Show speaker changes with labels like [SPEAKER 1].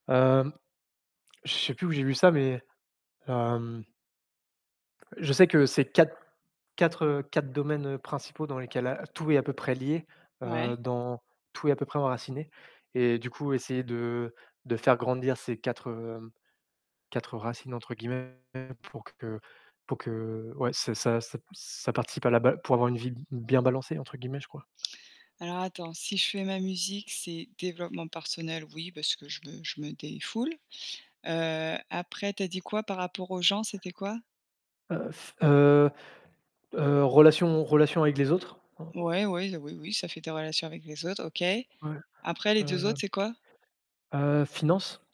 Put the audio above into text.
[SPEAKER 1] Hem, je sais plus où j'ai vu ça, mais hem Je sais que c'est 4 4, heu, 4 domaines principaux dans lesquels a tout est à peu près lié,
[SPEAKER 2] Ouais.
[SPEAKER 1] heu, dans tout est à peu près enraciné et du coup, essayer de de faire grandir ces 4, hem, 4 «racines», entre guillemets pour que pour que ouais, ça ça ça ça participe à la ba pour avoir une vie b bien «balancée» entre guillemets, je crois.
[SPEAKER 2] Alors attends, si je fais ma musique, c'est développement personnel, oui, parce que je me je me défoule. Heu, après tu as dit quoi par rapport aux gens, c'était quoi?
[SPEAKER 1] Heu, f heu, heu, relation relation avec les autres
[SPEAKER 2] Ouais, ouais, oui, oui ça fait des relations avec les autres, OK.
[SPEAKER 1] Ouais,
[SPEAKER 2] Après les 2
[SPEAKER 1] heu
[SPEAKER 2] autres, c'est quoi?
[SPEAKER 1] heu, finance.